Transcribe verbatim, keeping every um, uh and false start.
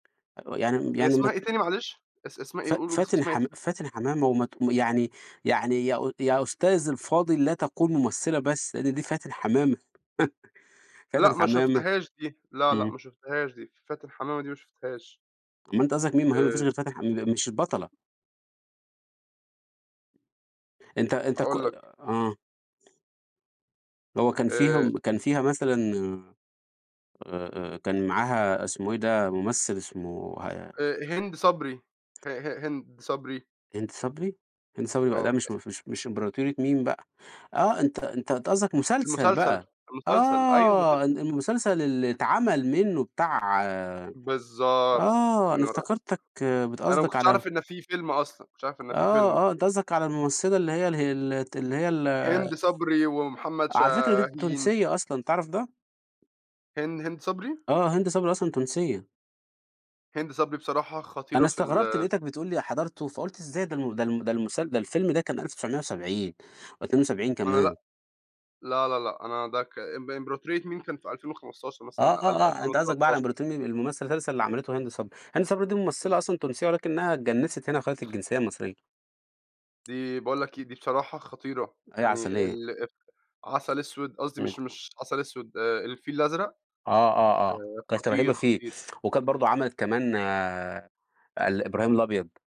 أو يعني م هي يعني اسمها مت إيه تاني معلش؟ اس اسمها ف إيه؟ ق ق قُل اس فاتِن اسمها ت حم فاتِن حمامة وما ت يعني يعني يا أُ يا أستاذي الفاضل لا تقول مُمثِّلة بس، لإن دي فاتِن حمامة. فاتِن لأ ما حمامة شُفتهاش دي، لا، لأ إمم. ما شُفتهاش دي، فاتِن حمامة دي ما شُفتهاش. أومال أنت قصدك مين؟ ما هي ما فيش آآ غير فاتن ح ام مش البطلة. أنت أنت ك هاقول لك. آه. اللي هو كان آآ فيهم كان فيها مثلًا آآ، آآ كان معاها اسمه إيه ده، مُمثِّل اسمه ه آآ هند صبري. ه ه هند صبري. هند صبري؟ هند صبري بقى ده آه. مش ه ف مش مش إمبراطورية ميم بقى. آه، أنت أنت أنت قصدك مسلسل المسلسل، بقى، المسلسل، أيوه آه. المسلسل. ال المسلسل اللي اتعمل منّه بتاع بالضبط. آه، أنا منارة، افتكرتَك بت أنا ما قصدك كنتش على أعرف إن فيه فيلم أصلًا، ما كنتش عارف إن فيه آه، فيلم. آه. أنت قصدَك على الممثلة اللي هي ال هي ال الت اللي هي ال هند صبري ومحمد على فكرة دي شاهين. تونسية أصلًا، تعرف ده؟ هن هند صبري؟ آه، هند صبري أصلًا تونسية. هند صبري بصراحة أنا خطيرة في استغربت، ال لقيتك بتقول لي حضرته فقُلت إزاي؟ ده الم ده الم ده المس ده الفيلم ده كان ألف وتسعمية وسبعين أو اتنين وسبعين أنا كمان. لأ لا، لا، لأ أنا ده ك ام امبراطرية ميم كان في ألفين وخمستاشر آه، مثلًا، آه، أقل آه، ألفين أنت قصدك بقى على وتلتاشر. إمبروطنين الممثل المسلسل اللي عملته هند صبري. هند صبري دي أظ ممثلة أصلًا تونسية ولكنّها اتجنِّسِت هنا وخدت الجنسية المصرية. دي باقول لك إيه دي بصراحة خطيرة. أ هي يعني عسلية. ال آآ عسل أسود، قصدي إمم. مش مش عسل أسود، آآ الفيل الأزرق، آه، آه، آه. آآ كانت رهيبة خطير، فيه. خطير. وكانت برضه عملت كمان آآ ال إبراهيم الأبيض